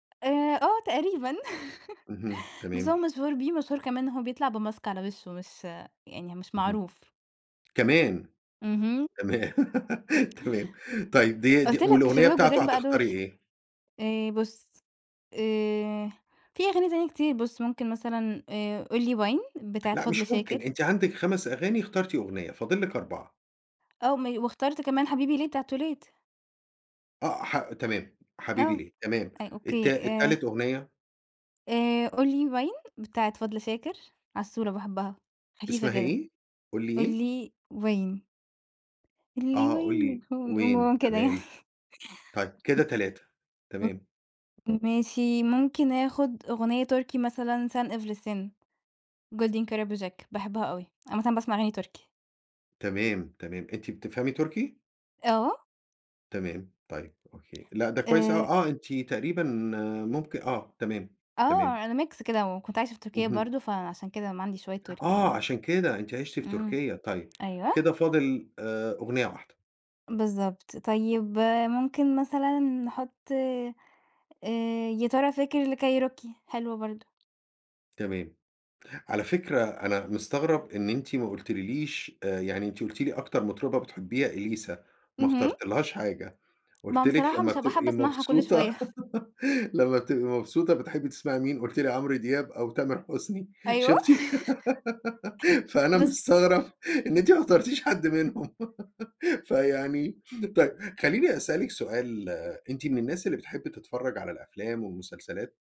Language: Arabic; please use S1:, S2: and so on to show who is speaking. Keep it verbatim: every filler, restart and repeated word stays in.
S1: آآ آه، تقريبًا
S2: اهم،
S1: بس هو
S2: تمام.
S1: مشهور بيه، مشهور كمان إن هو بيطلع بMask على وشُه، مش يعني مش
S2: اهم.
S1: معروف.
S2: كمان.
S1: اهم.
S2: تمام، تمام، طيب ديا دي
S1: قُلت لك
S2: والأغنيّة
S1: الشباب
S2: بتاعته
S1: الجُداد بقى دُول.
S2: هتختاري إيه؟
S1: آآ بُص، آآ في أغاني تانية كتير، بُص ممكن مثلًا آآ قُل لي وين بتاعة
S2: لأ
S1: فضل
S2: مش
S1: شاكر.
S2: ممكن، أنتِ عندِك خمس أغاني، اخترتِ أغنيّة، فاضل لِك أربعة
S1: آه مي واختارت كمان حبيبي ليه بتاعة توليت.
S2: آآ حا تمام، حبيبي
S1: آه،
S2: ليه تمام،
S1: أي أوكي،
S2: التا التالت
S1: آآ
S2: أغنيّة؟
S1: آآ قُل لي وين بتاعة فضل شاكر، عسولة باحبها خفيفة
S2: اسمها
S1: كده،
S2: إيه؟ قُل لي
S1: قُل
S2: إيه؟
S1: لي وين. قُل لي
S2: آه، قُل
S1: وين
S2: لي
S1: الهم
S2: وين
S1: المُهم كده يعني.
S2: تمام، طيب كده تلاتة
S1: امم،
S2: تمام.
S1: ماشي ممكن آخُد أغنيّة تُركي مثلًا Sen Evlisin، Golden Karabujak، باحبها أوي، عامةً باسمع أغاني تُركي.
S2: تمام، تمام، أنتِ بتفهمي تُركي؟
S1: آه.
S2: تمام، طيب أوكي لأ، ده كويس أوي
S1: آآ
S2: آه، أنتِ تقريبًا ممك آه، تمام، تمام.
S1: آه، أنا Mix كده، وكنت عايشة في تُركيا
S2: اهم.
S1: برضه، فعشان كده ما عندي شوية تُركي
S2: آه،
S1: برضه،
S2: عشان كده، أنتِ عِشتِ في
S1: إمم،
S2: تُركيا طيب، كده
S1: أيوه.
S2: فاضل آآ أغنيّة واحدة.
S1: بالضبط، طيب ممكن مثلًا نحُطّ آآ يا ترى فاكر لكيروكي حلوة برضه.
S2: تمام، على فكرة أنا مستغرب إن أنتِ ما قلتلّيش آآ يعني أنتِ قُلتِ لي أكتر مطربة بتحبيها إليسا، ما
S1: اهم.
S2: اخترتيلهاش حاجة،
S1: ما
S2: قُلت
S1: هو
S2: لِك
S1: بصراحة
S2: لمّا
S1: مش هابقى حابّه
S2: بتبقي
S1: اسمعها كُلّ
S2: مبسوطة،
S1: شوية.
S2: لمّا بتبقي مبسوطة بتحبّي تسمعي مين؟ قُلتِ لي عمرو دياب أو تامر حسني،
S1: أيوه.
S2: شُفتِ فأنا
S1: بالظ
S2: مستغرب إن أنتِ ما اخترتيش حد منهم فيعني طيب خلّيني أسأل لِك سؤال، أنتِ من الناس اللي بتحب تتفرّج على الأفلام والمسلسلات؟